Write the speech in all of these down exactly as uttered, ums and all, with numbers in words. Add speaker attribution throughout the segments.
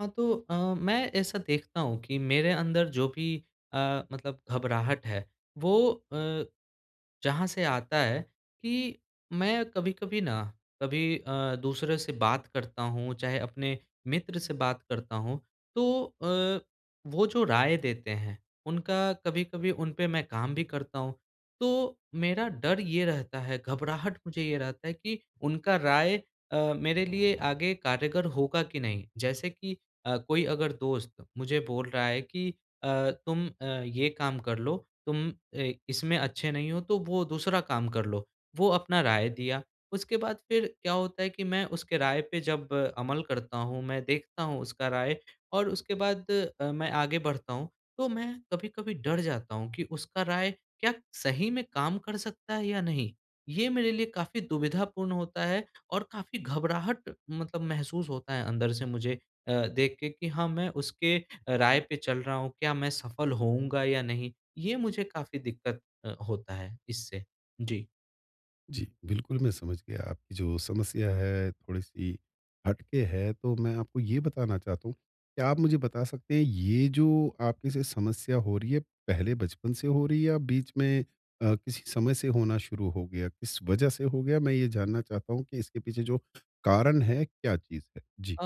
Speaker 1: हाँ, तो अ, मैं ऐसा देखता हूँ कि मेरे अंदर जो भी अ, मतलब घबराहट है, वो अ, जहाँ से आता है कि मैं कभी-कभी ना कभी अ, दूसरे से बात करता हूँ, चाहे अपने मित्र से बात करता हूँ। तो अ, वो जो राय देते हैं उनका कभी-कभी उन पर मैं काम भी करता हूँ। तो मेरा डर ये रहता है, घबराहट मुझे ये रहता है कि उनका राय अ, मेरे लिए आगे कारेगर होगा कि नहीं। जैसे कि कोई अ, अगर दोस्त मुझे बोल रहा है कि अ, तुम अ, ये काम कर लो, तुम इ इसमें अच्छे नहीं हो तो वो दूसरा काम कर लो, वो अपना राय दिया। उसके बाद फिर क्या होता है कि मैं उसके राय पे जब अमल करता हूँ, मैं देखता हूँ उसका राय और उसके बाद अ, मैं आगे बढ़ता हूँ। तो मैं कभी-कभी डर जाता हूँ कि उसका राय क्या सही में काम कर सकता है या नहीं। ये मेरे लिए काफ़ी दुविधापूर्ण होता है। और काफ़ी घबराहट मतलब महसूस होता है अंदर से मुझे अ, देख के कि हाँ, मैं अ, उसके राय पे चल रहा हूँ, क्या मैं सफल होऊँगा या नहीं। ये मुझे काफ़ी दिक्कत अ, होता है इससे। जी।
Speaker 2: जी, बिल्कुल, मैं समझ गया, आपकी जो समस्या है, थोड़ी-सी हटके है। तो मैं आपको ये बताना चाहता हूँ, क्या आप मुझे बता सकते हैं, ये जो आपके साथ समस्या हो रही है, पहले बचपन से हो रही है या बीच में अ, किसी समय से होना शुरू हो गया? किस वजह से हो गया, मैं ये जानना चाहता हूँ कि इसके पीछे जो कारण है, क्या चीज़ है? जी।
Speaker 1: अ,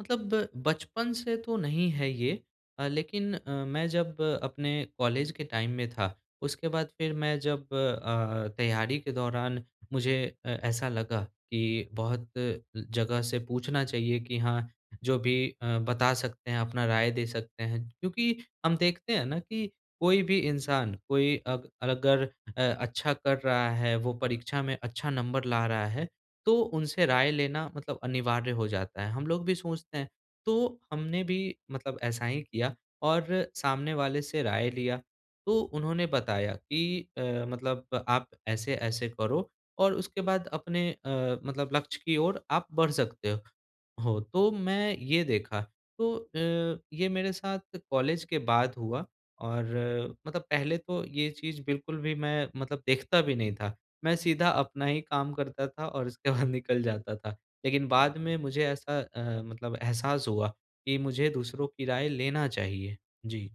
Speaker 1: मतलब बचपन से तो नहीं है ये अ, लेकिन अ, मैं जब अपने कॉलेज के टाइम में था, उसके बाद फिर मैं जब अ, तैयारी के दौरान मुझे अ, ऐसा लगा कि बहुत जगह से पूछना चाहिए कि हाँ, जो भी अ, बता सकते हैं, अपना राय दे सकते हैं, क्योंकि हम देखते हैं ना कि कोई भी इंसान कोई अग अगर अ, अच्छा कर रहा है, वो परीक्षा में अच्छा नंबर ला रहा है, तो उनसे राय लेना मतलब अनिवार्य हो जाता है, हम लोग भी सोचते हैं। तो हमने भी मतलब ऐसा ही किया और सामने वाले से राय लिया, तो उन्होंने बताया कि "अ, मतलब आप ऐसे-ऐसे करो और उसके बाद अपने अ, मतलब लक्ष्य की और आप बढ़ सकते हो, हो।" तो मैं ये देखा, तो अ, ये मेरे साथ कॉलेज के बाद हुआ और मतलब पहले तो ये चीज़ बिल्कुल भी मैं मतलब देखता भी नहीं था, मैं सीधा अपना ही काम करता था और उसके बाद निकल जाता था, लेकिन बाद में मुझे ऐसा अ, मतलब एहसास हुआ कि मुझे दूसरों की राय लेना चाहिए। जी।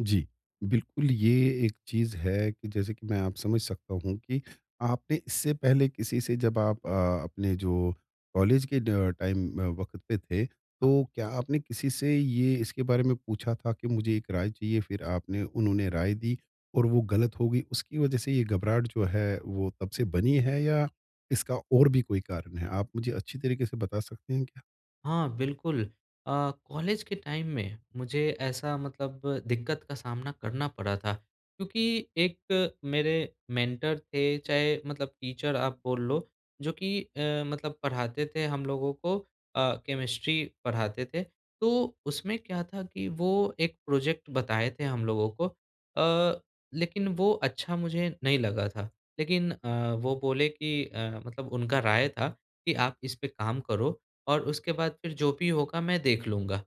Speaker 2: जी। बिल्कुल, ये एक चीज़ है कि जैसे कि मैं आप समझ सकता हूँ कि आपने इससे पहले किसी से जब आप अ, अपने जो कॉलेज के ड टाइम वक़्त पे थे,
Speaker 1: आ
Speaker 2: तो क्या आपने किसी से ये इसके बारे में पूछा था कि मुझे एक राय चाहिए फिर आपने उन्होंने राय दी और वो गलत हो गई उसकी वज़ह से ये घबराहट जो है, वो तब से बनी है या इसका और भी कोई कारण है? आप मुझे अच्छी तरीके से बता सकते हैं क्या?
Speaker 1: हाँ, बिल्कुल। अ, कॉलेज के टाइम में मुझे ऐसा मतलब दिक्कत का सामना करना पड़ा था। क्योंकि एक मेरे मेंटर थे चाहे मतलब टीचर आप बोल लो, जो कि अ, मतलब पढ़ाते थे हम लोगों को अ, केमिस्ट्री पढ़ाते थे। तो उसमें क्या था कि वो एक प्रोज़ेक्ट बताए थे हम लोगों को अ, लेकिन वो अच्छा मुझे नहीं लगा था, लेकिन अ, वो बोले कि अ, मतलब उनका राय था, कि आप इस पे काम करो और उसके बाद फिर जो भी होगा मैं देख लूँगा।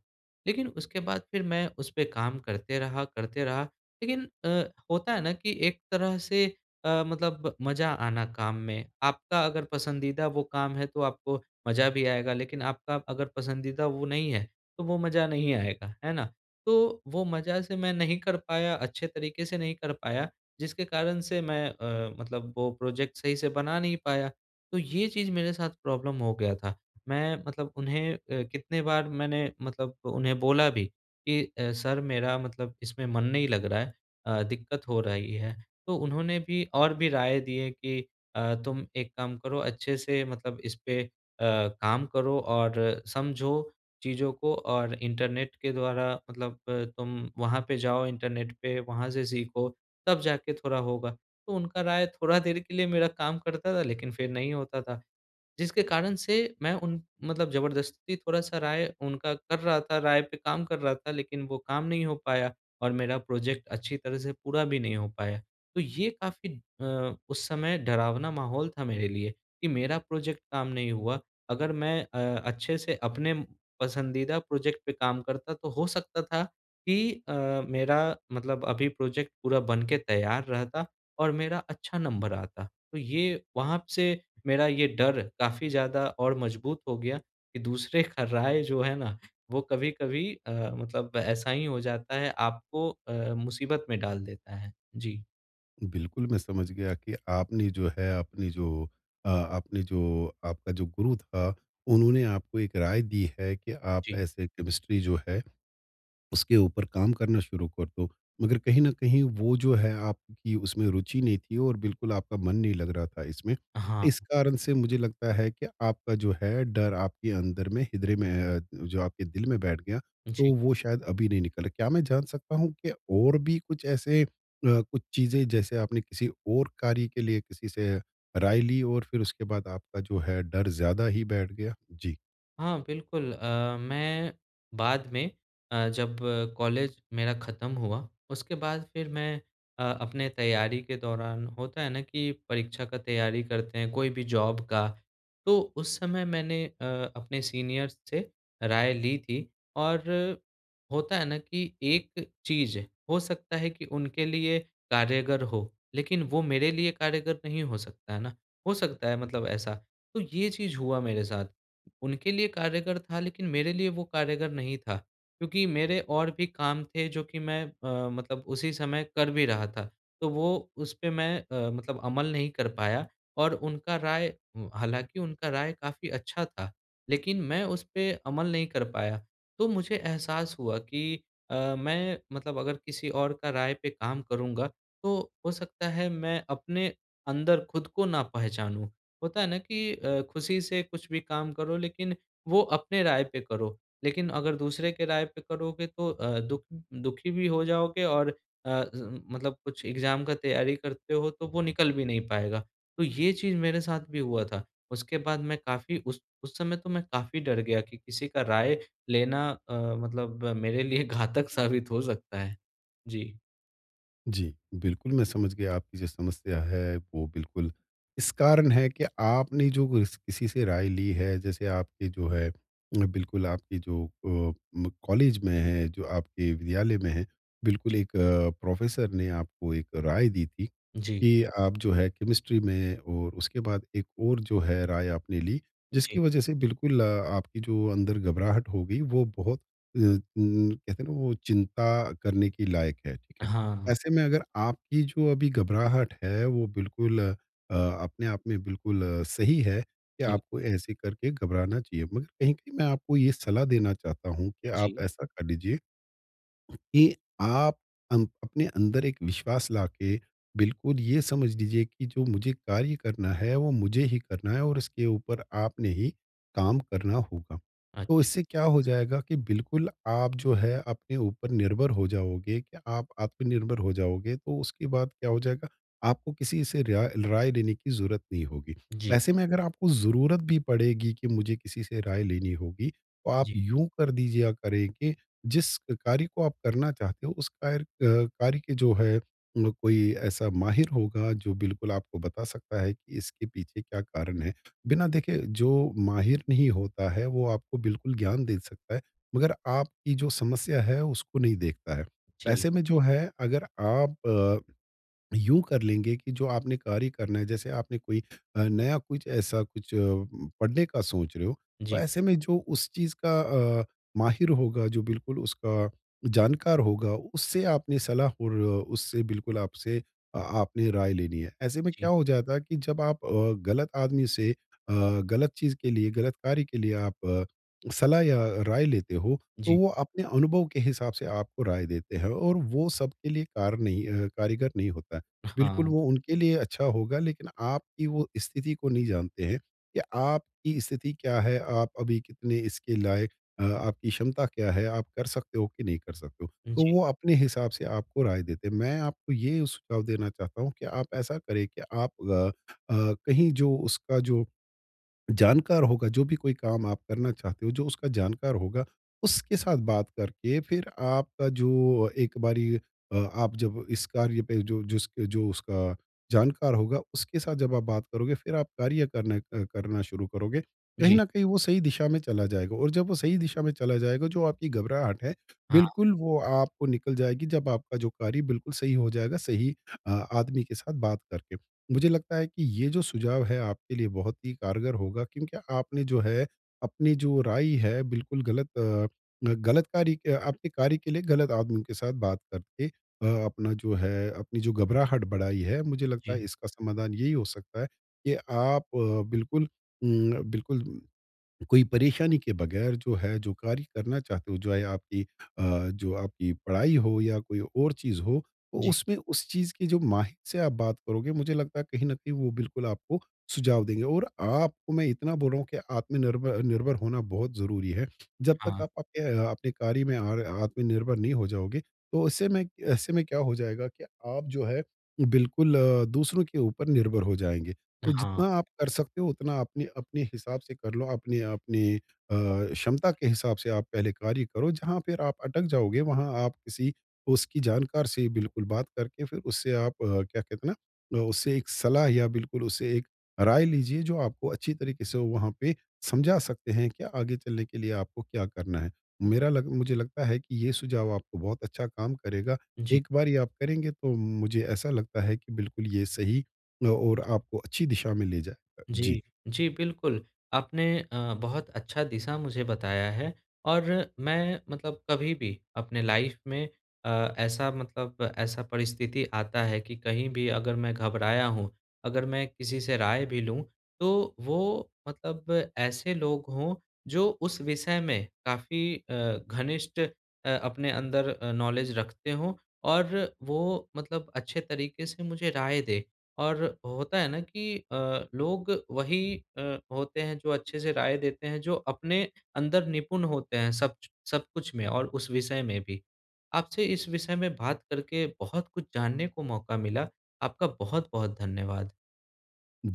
Speaker 1: लेकिन उसके बाद फिर मैं उस पे काम करते रहा करते रहा, लेकिन अ, होता है ना, कि एक तरह से अ, मतलब मज़ा आना काम में, आपका अगर पसंदीदा वो काम है तो आपको मज़ा भी आएगा लेकिन आपका अगर पसंदीदा वो नहीं है, तो वो मज़ा नहीं आएगा, है ना? तो वो मज़ा से मैं नहीं कर पाया अच्छे तरीके से नहीं कर पाया, जिसके कारण से मैं अ, मतलब वो प्रोज़ेक्ट सही से बना नहीं पाया, तो ये चीज़ मेरे साथ प्रॉब्लम हो गया था। मैं मतलब उन्हें अ, कितनी बार मैंने मतलब उन्हें बोला भी कि अ, सर मेरा मतलब इसमें मन नहीं लग रहा है अ, दिक्कत हो रही है। तो उन्होंने भी और भी राय दिएँ कि अ, तुम एक काम करो अच्छे से मतलब इस पे अ, काम करो और समझो चीज़ों को और इंटरनेट के द्वारा मतलब अ, तुम वहाँ पे जाओ इंटरनेट पे, वहाँ से सीखो तब जाके थोड़ा होगा। तो उनका राय थोड़ा देर के लिए मेरा काम करता था लेकिन फिर नहीं होता था, जिसके कारण से मैं उन मतलब ज़बरदस्ती थोड़ा-सा राय उनका कर रहा था राय पे काम कर रहा था लेकिन वो काम नहीं हो पाया और मेरा प्रोज़ेक्ट अच्छी तरह से पूरा भी नहीं हो पाया। तो ये काफ़ी अ, उस समय डरावना माहौल था मेरे लिए कि मेरा प्रोज़ेक्ट काम नहीं हुआ, अगर मैं अ, अच्छे से अपने पसंदीदा प्रोज़ेक्ट पे काम करता तो हो सकता था कि अ, मेरा मतलब अभी प्रोज़ेक्ट पूरा बन के तैयार रहता और मेरा अच्छा नंबर आता। तो ये वहाँ से मेरा ये डर काफ़ी ज़्यादा और मज़बूत हो गया कि दूसरे का राय जो है ना, वो कभी-कभी अ, मतलब ऐसा ही हो जाता है आपको अ, मुसीबत में डाल देता है। जी।
Speaker 2: बिल्कुल मैं समझ गया कि आपने जो है अपनी जो अ, आपने जो आपका जो गुरु था उन्होंने आपको एक राय दी है कि आप
Speaker 1: जी।
Speaker 2: ऐसे केमिस्ट्री जो है, उसके ऊपर काम करना शुरू कर दो। मगर कहीं न कहीं वो जो है आपकी उसमें रुचि नहीं थी और बिल्कुल आपका मन नहीं लग रहा था इसमें,
Speaker 1: हाँ।
Speaker 2: इस कारण से मुझे लगता है कि आपका जो है डर आपके अंदर में हद्रय में अ, जो आपके दिल में बैठ गया, तो
Speaker 1: जी।
Speaker 2: वो शायद अभी नहीं निकला। क्या मैं जान सकता हूँ कि और भी कुछ ऐसे अ, कुछ चीज़ें जैसे आपने किसी और कार्य के लिए किसी से राय ली हो और फिर उसके बाद आपका जो है डर ज़्यादा ही बैठ गया? जी।
Speaker 1: हाँ बिल्कुल अ, मैं बाद में अ, जब कॉलेज मेरा खत्म हुआ उसके बाद फिर मैं अ, अपने तैयारी के दौरान होता है ना कि परीक्षा का तैयारी करते हैं कोई भी जॉब का। तो उस समय मैंने अ, अपने सीनियर्स से राय ली थी और होता है ना कि एक चीज़ हो सकता है कि उनके लिए कार्यगर हो, लेकिन वो मेरे लिए कार्यगर नहीं हो सकता। है ना? हो सकता है मतलब ऐसा, तो ये चीज़ हुआ मेरे साथ उनके लिए कार्यगर था लेकिन मेरे लिए वो कार्यगर नहीं था क्योंकि मेरे और भी काम थे जो कि मैं अ, मतलब उसी समय कर भी रहा था। तो वो उस पे मैं अ, मतलब अमल नहीं कर पाया और उनका राय हालाँकि उनका राय काफ़ी अच्छा था, लेकिन मैं उस पे अमल नहीं कर पाया। तो मुझे एहसास हुआ कि अ, मैं मतलब अगर किसी और का राय पे काम करूँगा, तो हो सकता है मैं अपने अंदर खुद को ना पहचानूँ। होता है ना कि अ, खुशी से कुछ भी काम करो लेकिन वो अपनी राय पे करो, लेकिन अगर दूसरे के राय पे करोगे तो अ, दुख दुखी भी हो जाओगे और अ अ, मतलब कुछ एग्जाम का तैयारी करते हो तो वो निकल भी नहीं पाएगा। तो ये चीज़ मेरे साथ भी हुआ था, उसके बाद मैं काफ़ी उस उस समय तो मैं काफ़ी डर गया कि किसी का राय लेना अ, मतलब मेरे लिए घातक साबित हो सकता है जी।
Speaker 2: जी। बिल्कुल मैं समझ गया आपकी जो समस्या हैं वो बिल्कुल इस कारण हैं कि आपने जो किस किसी से राय ली हैं जैसे आपके जो है बिल्कुल आपकी जो अ, म कॉलेज में हैं, जो आपके विद्यालय में हैं, बिल्कुल
Speaker 1: जी।
Speaker 2: एक प्रोफ़ेसर ने आपको एक राय दी थी।
Speaker 1: जी।
Speaker 2: कि आप जो हैं केमिस्ट्री में और उसके बाद एक और जो है राय आपने ली
Speaker 1: जी।
Speaker 2: जिसकी वज़ह से बिल्कुल आपकी जो अंदर घबराहट होगी वो बहुत अ अ, कहते हैं ना वो चिंता करने के लायक है। ठीक है।
Speaker 1: हाँ, हाँ।
Speaker 2: ऐसे में अगर आपकी जो अभी घबराहट हैं वो बिल्कुल अ, अपने आप में बिल्कुल सही है कि
Speaker 1: जी।
Speaker 2: आपको ऐसे करके घबराना चाहिए। मगर कहीं-कहीं मैं आपको ये सलाह देना चाहता हूँ कि आप
Speaker 1: जी।
Speaker 2: ऐसा कर लीजिए, कि आप अन अपने अंदर एक विश्वास लाके बिल्कुल ये समझ लीजिए कि जो मुझे कार्य करना है वो मुझे ही करना है। और इसके ऊपर आपने ही काम करना होगा। तो
Speaker 1: अच्छा।
Speaker 2: इससे क्या हो जाएगा कि बिल्कुल आप जो है अपने ऊपर निर्भर हो जाओगे कि आप आत्मनिर्भर हो जाओगे तो उसके बाद क्या हो जाएगा आपको किसी से रेयाय राय लेने की ज़रूरत नहीं होगी।
Speaker 1: जी।
Speaker 2: ऐसे में अगर आपको ज़रूरत भी पड़ेगी कि मुझे किसी से राय लेनी होगी, तो आप
Speaker 1: जी।
Speaker 2: यूँ कर दीजिए या करें के जिस कार्य को आप करना चाहते हो, उस कर अ, कार्य के जो है म कोई ऐसा माहिर होगा जो बिल्कुल आपको बता सकता है कि इसके पीछे क्या कारण हैं। बिना देखे जो माहिर नहीं होता हैं वो आपको बिल्कुल ज्ञान दे सकता हैं मगर आप की जो समस्या है उसको नहीं देखता हैं।
Speaker 1: जी।
Speaker 2: ऐसे में जो है अगर आप यूँ कर लेंगे कि जो आपने कार्य करना हैं जैसे आपने कोई अ, नया कुछ ऐसा कुछ अ, पढ़ने का सोच रहे हो, तो
Speaker 1: जी।
Speaker 2: ऐसे में जो उस चीज़ का अ, माहिर होगा, जो बिल्कुल उसका जानकार होगा, उससे आपने सलाह और उससे बिल्कुल आपसे आपने राय लेनी हैं। ऐसे में क्या
Speaker 1: जी।
Speaker 2: हो जाता है कि जब आप अ, गलत आदमी से अ, गलत चीज़ के लिए, गलत कार्य के लिए आप सलाह या राय लेते हो तो
Speaker 1: जी।
Speaker 2: वो अपने अनुभव के हिसाब से आपको राय देते हैं। और वो सबके लिए कार नहीं अ, कारीगर नहीं होता। बिल्कुल
Speaker 1: हाँ।
Speaker 2: वो उनके लिए अच्छा होगा लेकिन आपकी वो स्थिति को नहीं जानते हैं कि आपकी स्थिति क्या है? आप अभी कितने इसके लायक अ, आपकी क्षमता क्या हैं? आप कर सकते हो कि नहीं कर सकते हो? तो
Speaker 1: जी।
Speaker 2: वो अपने हिसाब से आपको राय देते हैं। मैं आपको ये सुझाव देना चाहता हूँ कि आप ऐसा करें कि आप अ अ, कहीं जो उसका जो जानकार होगा, जो भी कोई काम आप करना चाहते हो जो उसका जानकार होगा, उसके साथ बात करके फिर आपका जो एक बारी अ, आप जब इस कार्य पे जो जिस जो उसका जानकार होगा उसके साथ जब आप बात करोगे फिर आप कार्य करने अ, करना शुरू करोगे। कहीं
Speaker 1: जी।
Speaker 2: न कहीं वो सही दिशा में चला जाएगा। और जब वो सही दिशा में चला जाएगा जो आपकी घबराहट हैं
Speaker 1: हाँ।
Speaker 2: बिल्कुल वो आपको निकल जाएगी। जब आपका जो बिल्कुल सही हो जाएगा, सही अ, आदमी के साथ बात करके। मुझे लगता हैं कि ये जो सुझाव हैं आपके लिए बहुत ही कारगर होगा। क्योंकि आपने जो हैं अपनी जो राइ हैं बिल्कुल गलत अ, गलत कार्य के आपके कार्य के लिए गलत आदमी के साथ बात करके अपना जो हैं अपनी जो घबराहट बढ़ाई हैं। मुझे लगता हैं
Speaker 1: जी।
Speaker 2: इसका समाधान यही हो सकता हैं कि आप बिल्कुल म बिल्कुल कोई परेशानी के बगैर जो हैं जो कार्य करना चाहते हो, जो आपकी अ, जो आपकी पढ़ाई हो या कोई और चीज़ हो तो
Speaker 1: जी।
Speaker 2: उसमें उस चीज़ की जो माहिर से आप बात करोगे, मुझे लगता हैं कहीं न कहीं वो बिल्कुल आपको सुझाव देंगे। और आपको मैं इतना बोल रहा हूँ कि आत्मनिर्भ निर्भर होना बहुत ज़रूरी हैं। जब तक
Speaker 1: हाँ।
Speaker 2: आप आपके आपके कार्य में आर आत्मनिर्भर नहीं हो जाओगे। तो ऐसे में ऐसे में क्या हो जाएगा कि आप जो हैं बिल्कुल अ, दूसरों के ऊपर निर्भर हो जाएँगे। तो
Speaker 1: हाँ।
Speaker 2: जितना आप कर सकते हो उतना अपनी-अपनी हिसाब से कर लो। अपने अपनी अ, क्षमता के हिसाब से आप पहले कार्य करो। जहाँ फिर आप अटक जाओगे वहाँ आप किसी उसकी जानकार से बिल्कुल बात करके फिर उससे आप क्या कहते हैं ना, उससे एक सलाह या बिल्कुल उससे एक राय लीजिए। जो आपको अच्छी तरीके से वहाँ पे समझा सकते हैं कि आगे चलने के लिए आपको क्या करना हैं। मेरा लग मुझे लगता है कि ये सुझाव आपको बहुत अच्छा काम करेगा।
Speaker 1: जी।
Speaker 2: एक बार ये आप करेंगे तो मुझे ऐसा लगता हैं कि बिल्कुल ये सही और आपको अच्छी दिशा में ले जाए। जी।
Speaker 1: जी। जी, बिल्कुल। आपने अ, बहुत अच्छा दिशा मुझे बताया हैं। और मैं मतलब कभी भी अपने लाइफ़ में अ, ऐसा मतलब ऐसा परिस्थिति आता है कि कहीं भी अगर मैं घबराया हूँ, अगर मैं किसी से राय भी लूँ तो वो मतलब ऐसे लोग हों जो उस विषय में काफ़ी अ, घनिष्ठ अ, अपने अंदर अ, नॉलेज रखते हो। और वो मतलब अच्छे तरीके से मुझे राय दे। और होता है ना कि अ, लोग वही अ, होते हैं जो अच्छे से राय देते हैं, जो अपने अंदर निपुण होते हैं, सब ज सब कुछ में और उस विषय में भी। आपसे इस विषय में बात करके बहुत कुछ जानने को मौका मिला। आपका बहुत-बहुत धन्यवाद।
Speaker 2: [unintelligible]